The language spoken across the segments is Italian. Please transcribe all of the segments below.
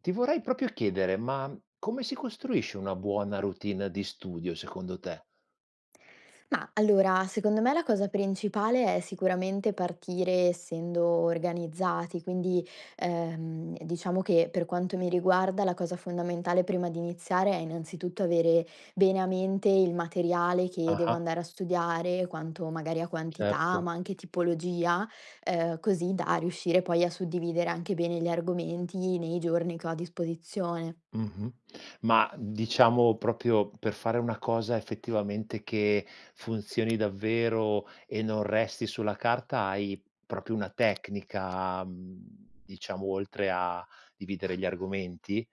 Ti vorrei proprio chiedere, ma come si costruisce una buona routine di studio secondo te? Ma, allora, secondo me la cosa principale è sicuramente partire essendo organizzati, quindi, ehm, diciamo che, per quanto mi riguarda, la cosa fondamentale, prima di iniziare, è innanzitutto avere bene a mente il materiale che devo Ah-ah andare a studiare, quanto magari a quantità, Certo. ma anche tipologia, ehm, così da riuscire poi, a suddividere anche bene gli argomenti, nei giorni che ho a disposizione. Mh-mh, ma, diciamo proprio per fare una cosa effettivamente che, funzioni davvero, e non resti sulla carta, hai proprio una tecnica, mhmm, diciamo oltre a dividere gli argomenti?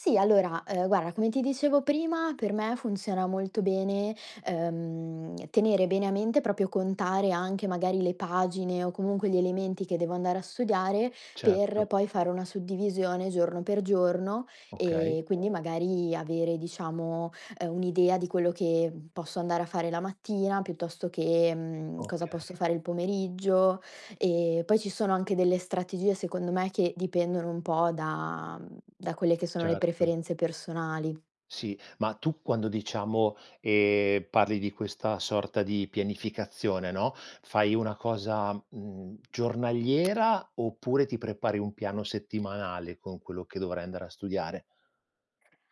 Sì allora, ehm, guarda come ti dicevo prima, per me funziona molto bene, ehm, tenere bene a mente, proprio contare anche magari, le pagine o comunque gli elementi che devo andare a studiare, per Certo. poi fare una suddivisione giorno per giorno, Okay. e quindi magari avere diciamo, ehm, un'idea di quello che posso andare a fare la mattina, piuttosto che, mhmm, cosa posso Okay. fare il pomeriggio. E poi ci sono anche delle strategie, secondo me, che dipendono un po' da da quelle che sono le Certo. preferenze personali. Sì, ma tu quando, diciamo, ehm, parli di questa sorta di pianificazione no, fai una cosa, mhmm, giornaliera, oppure ti prepari un piano settimanale con quello che dovrai andare a studiare?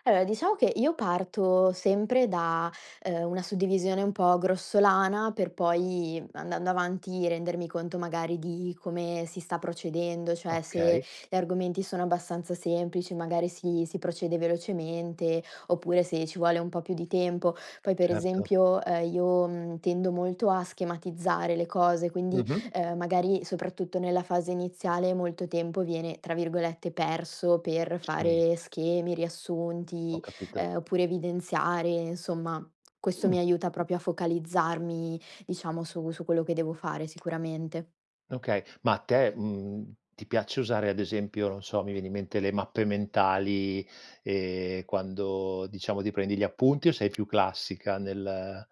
Allora, diciamo che io parto sempre da, ehm, una suddivisione un po' grossolana, per poi, andando avanti rendermi conto magari di come si sta procedendo, cioè se Okay. gli argomenti sono abbastanza semplici magari si si procede velocemente oppure se ci vuole un po' più di tempo. Poi, per Certo. esempio, ehm, io, mhmm, tendo molto a schematizzare le cose, quindi, Mh-mh. ehm, magari, soprattutto nella fase iniziale, molto tempo viene tra virgolette, "perso", per Sì. fare schemi, riassunti, Ho capito. ehm, oppure evidenziare, insomma. Questo Mh. mi aiuta proprio a focalizzarmi diciamo su su quello che devo fare, sicuramente. Okay. Ma a te, mhmm, ti piace usare ad esempio, non so, mi viene in mente le mappe mentali, ehm, quando diciamo ti prendi gli appunti o sei più classica nel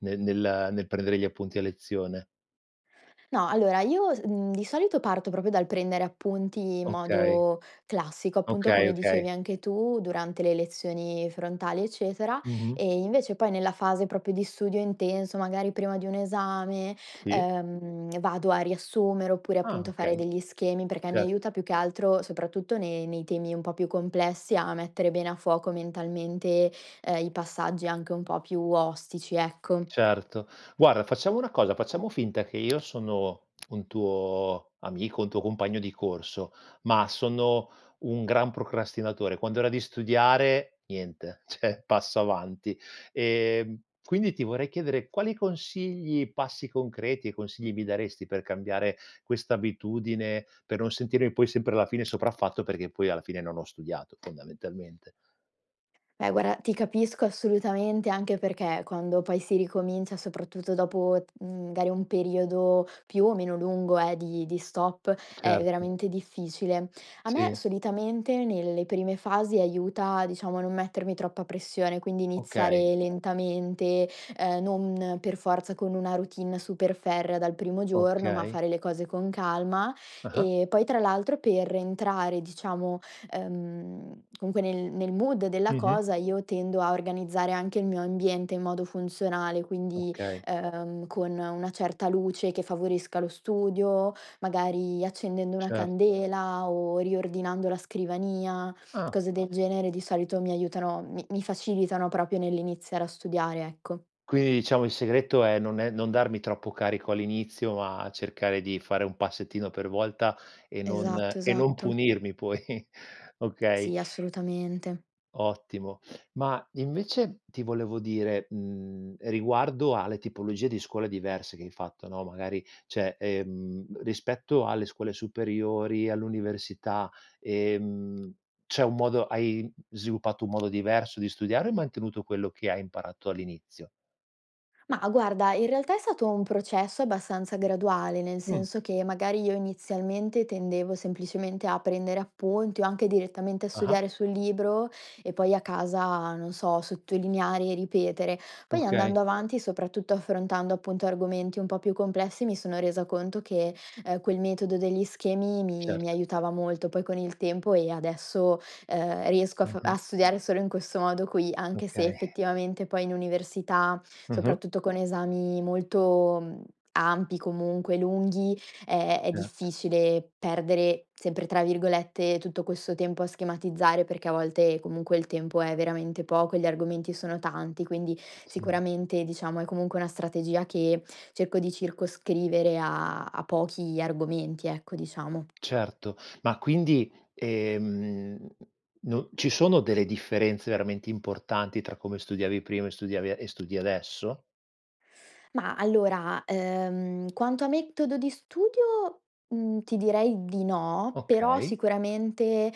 nel nel nel prendere gli appunti a lezione? No, allora io, mhmm, di solito parto proprio dal prendere appunti in Okay. modo classico, appunto Okay, come dicevi okay. anche tu durante le lezioni frontali, eccetera. Mh-mh. E invece poi nella fase proprio di studio intenso, magari prima di un esame, Sì. ehm, vado a riassumere oppure Ah, appunto fare okay. degli schemi, perché mi Certo. aiuta più che altro soprattutto nei nei temi un po' più complessi, a mettere bene a fuoco mentalmente, ehm, i passaggi anche un po' più ostici, ecco. Certo. Guarda facciamo una cosa, facciamo finta che io sono un tuo amico, un tuo compagno di corso, ma sono un gran procrastinatore: quando è ora di studiare, niente, cioè, passo avanti. Ehm, quindi ti vorrei chiedere quali consigli, passi concreti e consigli mi daresti per cambiare questa abitudine, per non sentirmi poi sempre alla fine sopraffatto perché poi alla fine non ho studiato, fondamentalmente? Beh, guarda ti capisco assolutamente, anche perché quando poi si ricomincia soprattutto dopo, mhmm, magari un periodo più o meno lungo eh, di di stop, è Certo. veramente difficile. A me Sì. solitamente nelle prime fasi aiuta, diciamo a non mettermi troppa pressione, quindi Okay. iniziare lentamente, ehm, non per forza con una routine super ferrea dal primo giorno, ma Okay. fare le cose con calma. Ah-ah. E poi tra l'altro per entrare diciamo, ehm, comunque nel nel mood della Mh-mh. cosa, io tendo a organizzare anche il mio ambiente in modo funzionale, quindi, Okay. ehm con una certa luce che favorisca lo studio, magari accendendo una Certo. candela o riordinando la scrivania. Ah. Cose del genere di solito mi aiutano, mi mi facilitano proprio nell'iniziare a studiare, ecco. Quindi diciamo il segreto è: non è non darmi troppo carico all'inizio ma cercare di fare un passettino per volta e non Esatto, e non esatto. punirmi poi, okay. Sì, assolutamente. Ottimo. Ma invece ti volevo dire, mhmm, riguardo alle tipologie di scuole diverse che hai fatto, no, magari cioè, ehm, rispetto alle scuole superiori, all'università, ehm, c'è un modo hai sviluppato un modo diverso di studiare o hai mantenuto quello che hai imparato all'inizio? Mah, guarda, in realtà è stato un processo abbastanza graduale, nel Mh. senso che magari io inizialmente tendevo semplicemente a prendere appunti o anche direttamente a Ah-ah. studiare sul libro e poi a casa, non so, sottolineare e ripetere. Poi Okay. andando avanti, soprattutto affrontando appunto argomenti un po' più complessi, mi sono resa conto che, ehm, quel metodo degli schemi mi mi Certo. aiutava molto. Poi con il tempo e adesso, ehm, riesco a fa a Ah-ah. studiare solo in questo modo qui. Anche se Okay. effettivamente poi in università, Mh-mh. soprattutto con esami molto, mhmm, ampi, comunque lunghi, ehm, è Certo. difficile "perdere", sempre tra virgolette, tutto questo tempo a schematizzare, perché a volte comunque il tempo è veramente poco e gli argomenti sono tanti. Quindi, Sì. sicuramente diciamo è comunque una strategia che cerco di circoscrivere, a a pochi argomenti ecco diciamo. Certo, ma quindi, ehm, no ci sono delle differenze veramente importanti tra come studiavi prima e studiavi e studi adesso? Ma allora, ehm, quanto a metodo di studio, mhmm, ti direi di no, però Okay. sicuramente,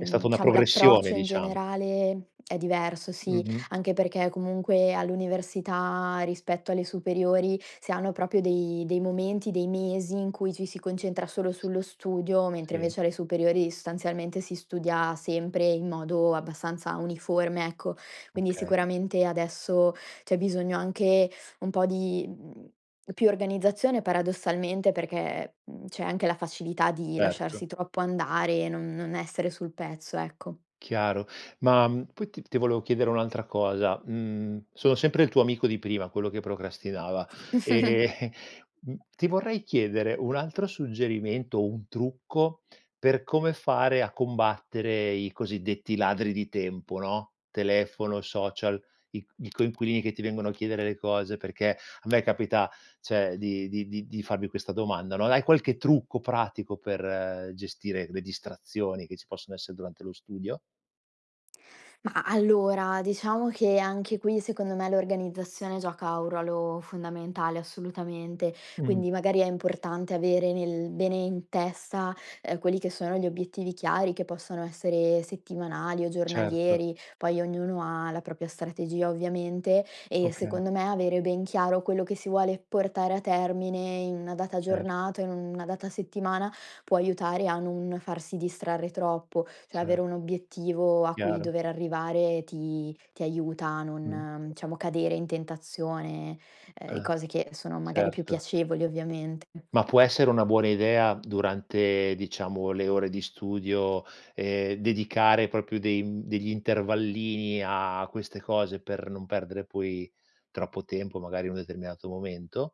È stata una diciamo progressione l'approccio in diciam generale è diverso sì. Mh-mh. Anche perché comunque all'università, rispetto alle superiori, si hanno proprio dei dei momenti, dei mesi, in cui ci si concentra solo S sullo studio, mentre sì. invece alle superiori, sostanzialmente, si studia sempre in modo abbastanza uniforme, ecco. Quindi Okay. sicuramente adesso c'è bisogno anche un po' di, mhmm, più organizzazione paradossalmente perché, mhmm, c'è anche la facilità di Certo. lasciarsi troppo andare, non non essere sul pezzo, ecco. Chiaro, ma poi t ti volevo chiedere un'altra cosa, mhmm, sono sempre il tuo amico di prima quello che procrastinava. Ehm mhmm, ti vorrei chiedere un altro suggerimento, un trucco, per come fare a combattere i cosiddetti ladri di tempo, no, telefono, social, i c i coinquilini che ti vengono a chiedere le cose, perché a me capita cioè di di di di farvi questa domanda no, hai qualche trucco pratico per gestire le distrazioni che ci possono essere durante lo studio? Mah, allora, diciamo che anche qui, secondo me, l'organizzazione gioca un ruolo fondamentale, assolutamente. Mh. Quindi magari è importante avere nel bene in testa, ehm, quelli che sono gli obiettivi chiari che possono essere settimanali o Certo. giornalieri. Poi ognuno ha la propria strategia, ovviamente e Okay. secondo me avere ben chiaro quello che si vuole portare a termine in una data Cer giornata, o in una data settimana, può aiutare a non farsi distrarre troppo. Cioè Cer avere un obiettivo a cui Chiaro. dover arrivare ti ti aiuta a Mh. non, diciamo, cadere in tentazione, ehm, e Ah, cose che sono magari più certo. piacevoli ovviamente. Ma, può essere una buona idea durante, diciamo, le ore di studio, ehm, dedicare proprio dei, mhmm, degli intervallini a queste cose per non perdere poi troppo tempo magari in un determinato momento?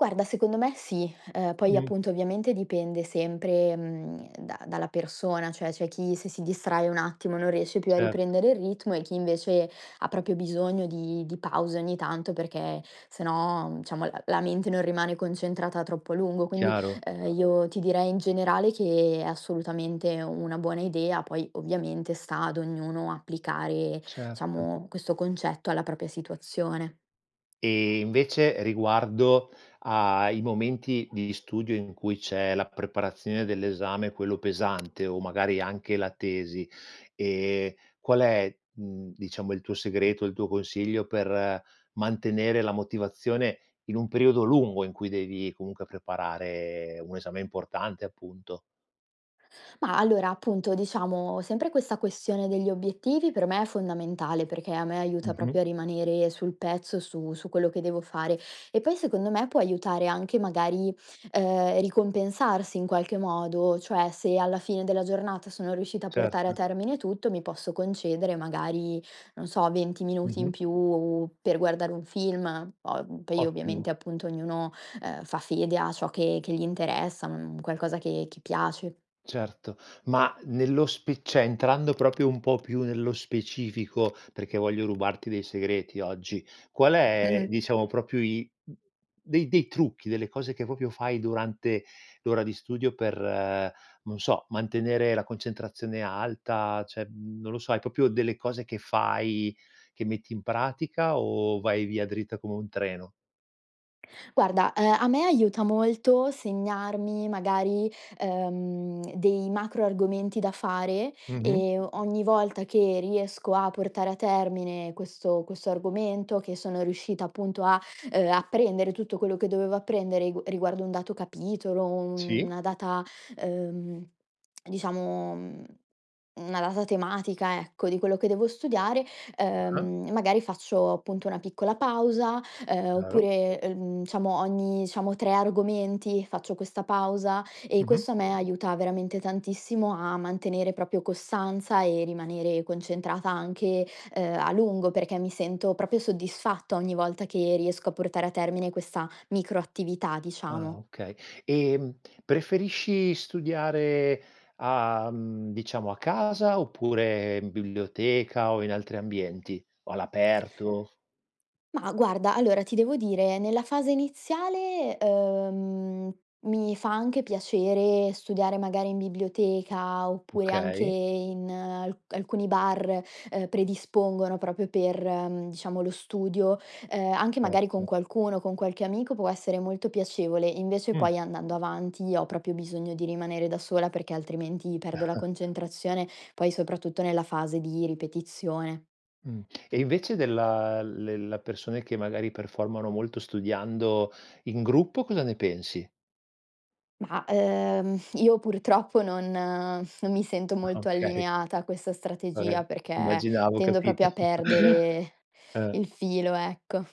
Guarda secondo me sì, uhm, poi Mh. appunto ovviamente dipende sempre, mhmm, da dalla persona, cioè c'è chi se si distrae un attimo non riesce più a Cert riprendere il ritmo e chi invece ha proprio bisogno di di pause ogni tanto perché se no, mhmm, diciamo l la mente non rimane concentrata troppo a lungo. Quindi, Chiaro. uhm, io ti direi in generale che è assolutamente è una buona idea, poi ovviamente sta ad ognuno applicare, Certo. diciamo, questo concetto alla propria situazione. E invece, riguardo ai momenti di studio in cui c'è la preparazione dell'esame quello pesante, o magari anche la tesi, ehm, qual è, mhmm, diciamo il tuo segreto, il tuo consiglio, per mantenere la motivazione in un periodo lungo, in cui devi comunque preparare un esame importante, appunto? Ma, allora, appunto diciamo sempre questa questione degli obiettivi per me è fondamentale, perché a me aiuta Mh-mh. proprio a rimanere sul pezzo, su su quello che devo fare e poi secondo me può aiutare anche magari, uhm, ricompensarsi in qualche modo. Cioè se alla fine della giornata sono riuscita a portare a Certo. termine tutto, mi posso concedere magari, non so, 20 minuti in Mh-mh. più per guardare un film. Po poi ovviamente Ottimo. appunto ognuno, uhm, fa fede a ciò che che gli interessa, mhmm, qualcosa che che piace. Certo, ma nello spi cioè entrando proprio un po' più nello specifico, perchè voglio rubarti dei segreti oggi, qual è Mh-mh. diciamo proprio i dei dei trucchi delle cose che proprio fai durante l'ora di studio per, non so, mantenere la concentrazione alta, cioè mhmm, non lo so hai proprio delle cose che fai, che metti in pratica o vai via dritta come un treno? Guarda, ehm, a me aiuta molto segnarmi magari, uhm, dei macro argomenti da fare Mh-mh. e o ogni volta che riesco a portare a termine questo questo argomento, che sono riuscita appunto a, uhm, apprendere tutto quello che dovevo apprendere ri riguardo un dato capitolo, u Sì. una data, uhm, diciamo, mhmm, una data tematica ecco di quello che devo studiare, Ah-ah. uhm, magari faccio appunto una piccola pausa. Uhm, Chiaro. oppure, uhm, diciamo ogni diciamo tre argomenti faccio questa pausa, e Mh-mh. questo a me aiuta veramente tantissimo a mantenere proprio costanza e rimanere concentrata anche, ehm, a lungo perché mi sento proprio soddisfatta ogni volta che riesco a portare a termine questa micro attività Ah diciamo. okay e, mhmm, preferisci studiare a mhmm, diciamo a casa oppure in biblioteca o in altri ambienti o all'aperto Mah, guarda, allora ti devo dire nella fase iniziale, uhm, mi fa anche piacere studiare magari in biblioteca, oppure anche Okay. in alc alcuni bar, ehm, predispongono proprio per, mhmm, diciamo lo studio, ehm, anche magari con Certo. qualcuno, con qualche amico può essere molto piacevole. Invece Mh. poi andando avanti ho proprio bisogno di rimanere da sola perché altrimenti perdo la concentrazione, poi soprattutto nella fase di ripetizione. Mh, e invece della le la persone che magari performano molto studiando in gruppo, cosa ne pensi? Mah, uhm, io purtroppo non non mi sento molto Okay. allineata a questa Vabbè, strategia perché immaginavo, ho tendo capito. proprio a perdere Eh. il filo ecco.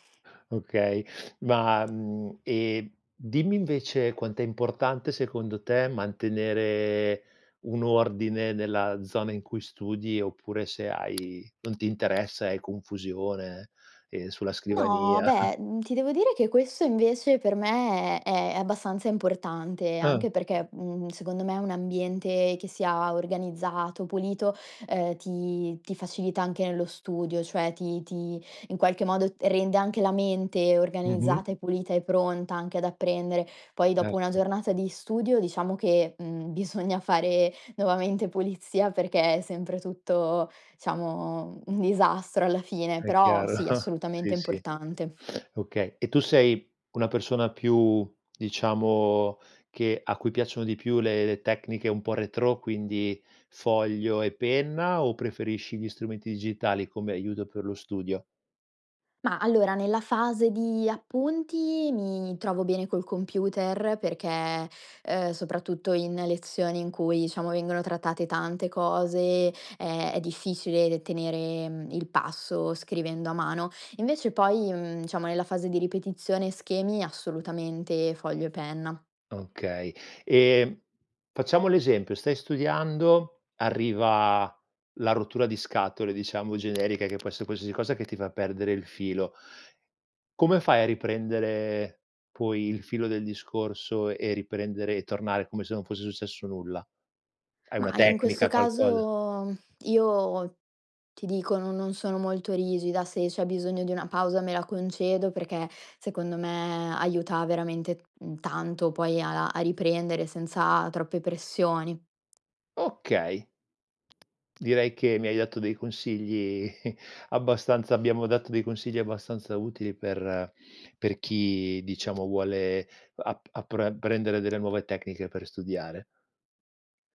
Okay. Ma mhmm, e dimmi invece quant'è importante, secondo te, mantenere un ordine nella zona in cui studi, oppure, se hai non ti interessa hai confusione, ehm, sulla No, scrivania. beh, mhmm, ti devo dire che questo invece per me è abbastanza importante, Ah. anche perché, mhmm, secondo me un ambiente che sia organizzato, pulito, uhm, ti ti facilita anche nello studio, cioè ti ti in qualche modo t rende anche la mente Mh-mh. organizzata e pulita e pronta anche ad apprendere. Poi dopo una Certo. giornata di studio, diciamo che, mhmm, bisogna fare nuovamente pulizia perché è sempre tutto diciamo un disastro alla fine,e È però chiaro, sì assolutamente sì, importante. sì, okay. E tu sei una persona più, diciamo, che a cui piacciono di più le le tecniche un po' retrò quindi foglio e penna, o preferisci gli strumenti digitali come aiuto per lo studio? Ma allora, nella fase di appunti mi trovo bene col computer perché, ehm, soprattutto in lezioni in cui diciamo vengono trattate tante cose è è difficile tenere, mhmm, il passo scrivendo a mano. Invece poi, mhmm, diciamo nella fase di ripetizione e schemi assolutamente foglio e penna. Okay. Ehm, facciamo l'esempio: stai studiando, arriva la rottura di scatole diciamo generica che può esse qualsiasi cosa che ti fa perdere il filo. Come fai a riprendere poi il filo del discorso e riprendere e tornare come se non fosse successo nulla? Hai una Ma in questo tecnica, qualcosa? caso io, ti dico no non sono molto rigida, se c'è bisogno di una pausa me la concedo perché secondo me aiuta veramente, mhmm, tanto poi a a a riprendere senza troppe pressioni. Okay. Direi che mi hai dato dei consigli abbastanza abbiamo dato dei consigli abbastanza utili per per chi diciamo vuole ap apr apprendere delle nuove tecniche per studiare.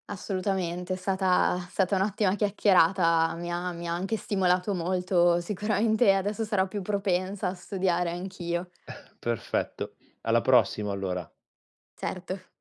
Assolutamente è stata è stata un'ottima chiacchierata. Mi ha mi ha anche stimolato molto, sicuramente adesso sarò più propensa a studiare anch'io. Perfetto, alla prossima allora. Certo.